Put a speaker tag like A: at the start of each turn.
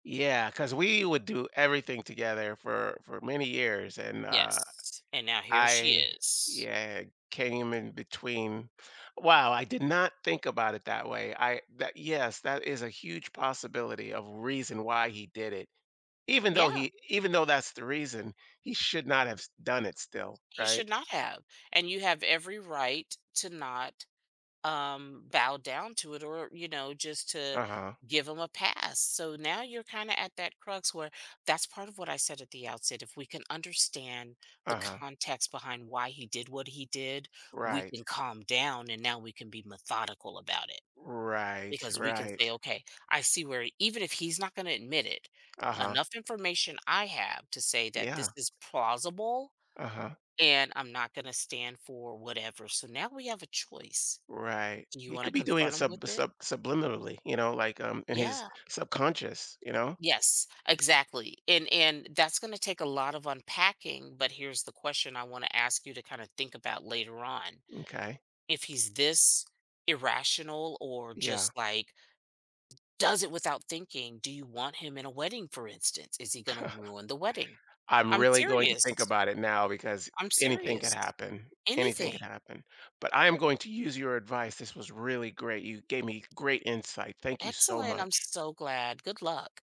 A: Yeah, 'cause we would do everything together for for many years and, uh,
B: Yes, and now here she
A: I,
B: is.
A: yeah, came in between. Wow, I did not think about it that way. I that yes, that is a huge possibility a reason why he did it. Even though
B: Yeah.
A: he even though that's the reason he should not have s done it still,
B: He
A: right?
B: should not have, and you have every right to not, um, bow down to it or, you know, just to
A: Uh-huh.
B: give him a pass. So now you're kinda at that crux where that's part of what I said at the outset, if we can understand the
A: Uh-huh.
B: context behind why he did what he did, we
A: Right.
B: can calm down and now we can be methodical about it
A: Right,
B: because we can say,
A: right.
B: "Okay, I see where even if he's not gonna admit it,
A: Uh-huh.
B: enough information I have to say that this
A: Yeah.
B: is plausible
A: Uh-huh.
B: and I'm not gonna stand for whatever." So now we have a choice.
A: Right.
B: Do you
A: He
B: wanna
A: could be doing it
B: confront him with
A: sub
B: it?
A: sub subliminally, you know, like, um, in his
B: Yeah.
A: subconscious, you know?
B: Yes, exactly, and and that's gonna take a lot of unpacking, but here's the question I wanna ask you to kinda think about later on.
A: M'kay.
B: If he's this irrational or
A: Yeah.
B: just like does it without thinking, do you want him in a wedding for instance? Is he gonna ruin the wedding?
A: I'm
B: I'm
A: really going to think
B: serious.
A: about it now because
B: I'm
A: anything could
B: serious.
A: happen, anything
B: Anything.
A: could happen. But I am going to use your advice. This was really great, you gave me great insight. Thank you so
B: Excellent, I'm
A: much.
B: so glad. Good luck.